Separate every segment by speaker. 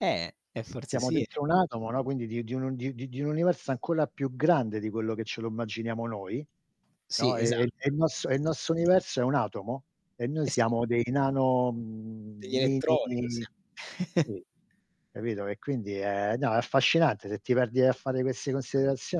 Speaker 1: Eh, e forse
Speaker 2: Siamo
Speaker 1: sì e
Speaker 2: dentro un atomo, no, quindi di di un di di di un universo ancora più grande di quello che ce lo immaginiamo noi,
Speaker 1: Sì,
Speaker 2: no, e e
Speaker 1: esatto.
Speaker 2: e il nostro e il nostro universo è un atomo e noi
Speaker 1: Eh sì
Speaker 2: siamo dei nano mhmm,
Speaker 1: Degli elettronico. Sì.
Speaker 2: mini [unintelligible] capito? E quindi è no è affascinante, se ti perdi a fare queste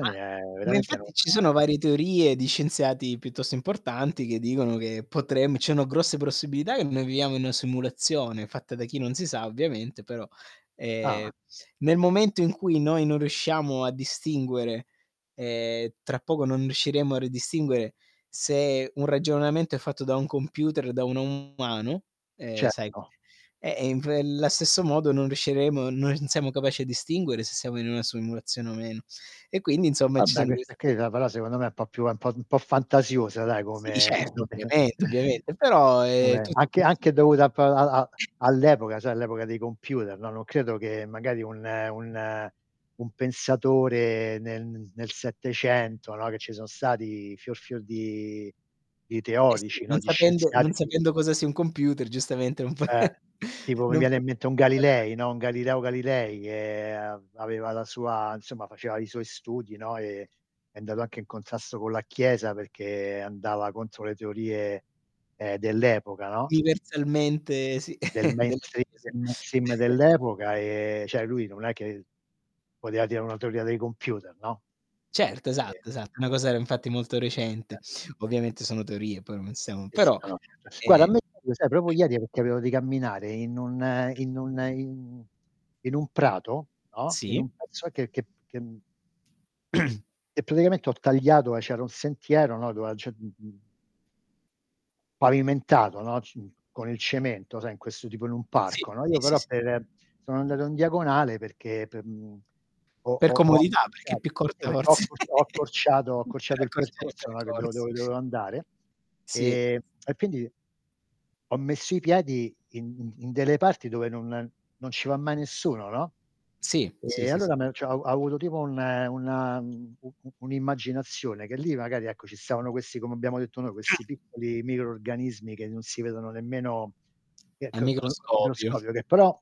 Speaker 1: Ma
Speaker 2: è
Speaker 1: ma
Speaker 2: veramente, non
Speaker 1: infatti ci sono varie teorie di scienziati piuttosto importanti che dicono che potrem ci sono grosse possibilità che noi viviamo in una simulazione, fatta da chi non si sa ovviamente, però, ehm,
Speaker 2: Ah.
Speaker 1: nel momento in cui noi non riusciamo a distinguere, ehm, tra poco non riusciremo a ridistinguere, se un ragionamento è fatto da un computer o da un umano, ehm, sai
Speaker 2: Certo.
Speaker 1: e, ehm, inf ehm, la stesso modo non riusciremo non siamo capaci a distinguere se siamo in una simulazione o meno. E quindi insomma ci
Speaker 2: Vabbè
Speaker 1: sono queste
Speaker 2: queste qui no però secondo me un po' più un po' un po' fantasiosa dai
Speaker 1: Sì
Speaker 2: come
Speaker 1: certo, ovviamente, ovviamente, però, ehm,
Speaker 2: come
Speaker 1: tutto è
Speaker 2: anche
Speaker 1: possibile.
Speaker 2: anche dovuta p a a all'epoca sai all'epoca dei computer, no, non credo che magari un un un pensatore nel nel 700, no, che ci sono stati fior fior di di
Speaker 1: Eh sì,
Speaker 2: teorici,
Speaker 1: non
Speaker 2: no. Di
Speaker 1: sapendo
Speaker 2: scienziati
Speaker 1: non
Speaker 2: ti
Speaker 1: sapendo cosa sia un computer giustamente, non fa
Speaker 2: Eh. Tipo mi
Speaker 1: non
Speaker 2: viene
Speaker 1: fa
Speaker 2: in mente un
Speaker 1: [unintelligible]
Speaker 2: Galilei, no, un Galileo Galilei, che av aveva la sua insomma faceva i suoi studi, no, e è andato anche in contrasto con la chiesa perché andava contro le teorie, ehm, dell'epoca, no?
Speaker 1: Universalmente sì,
Speaker 2: Del
Speaker 1: della
Speaker 2: mainstream
Speaker 1: chiesa.
Speaker 2: del mainstream dell'epoca, ehm, cioè lui non è che poteva dire una teoria dei computer, no. Perchè
Speaker 1: Certo, esatto, esatto, una cosa era infatti molto recente.
Speaker 2: [unintelligible]
Speaker 1: Ovviamente sono teorie poi non siamo però,
Speaker 2: [unintelligible] Guarda a
Speaker 1: eh
Speaker 2: me [unintelligible] lo sai, proprio ieri, perché avevo di camminare in un in un in in un prato, no, in
Speaker 1: Sì.
Speaker 2: un pezzo che che che e praticamente ho tagliato e c'era un sentiero, no, dove a ge mhmm Pavimentato, no, c mh, con il cemento, sai in questo tipo in un
Speaker 1: Sì,
Speaker 2: parco, no
Speaker 1: sì,
Speaker 2: Io
Speaker 1: sì,
Speaker 2: però
Speaker 1: sì, s
Speaker 2: per sono andato in diagonale perché p mhmm, ho
Speaker 1: Per
Speaker 2: ho ho
Speaker 1: comodità, perché è
Speaker 2: accorciat
Speaker 1: più
Speaker 2: si
Speaker 1: corta
Speaker 2: perchè ho
Speaker 1: forse,
Speaker 2: accorc ho accorciato ho
Speaker 1: per
Speaker 2: accorciato il
Speaker 1: accorciare i
Speaker 2: percorso, no, che devo
Speaker 1: percorsi.
Speaker 2: dove dovevo andare,
Speaker 1: Sì.
Speaker 2: ehm, e quindi ho messo i piedi in in delle parti dove non non ci va mai nessuno, no,
Speaker 1: Sì, sì,
Speaker 2: e
Speaker 1: sì, s
Speaker 2: allora me cio ho avuto tipo un una u u un'immaginazione, che lì magari, ecco, ci stavano questi, come abbiamo detto noi, questi
Speaker 1: [unintelligible]
Speaker 2: piccoli microrganismi che non si vedono nemmeno che
Speaker 1: Al
Speaker 2: che col col
Speaker 1: microscopio.
Speaker 2: microscopio, che però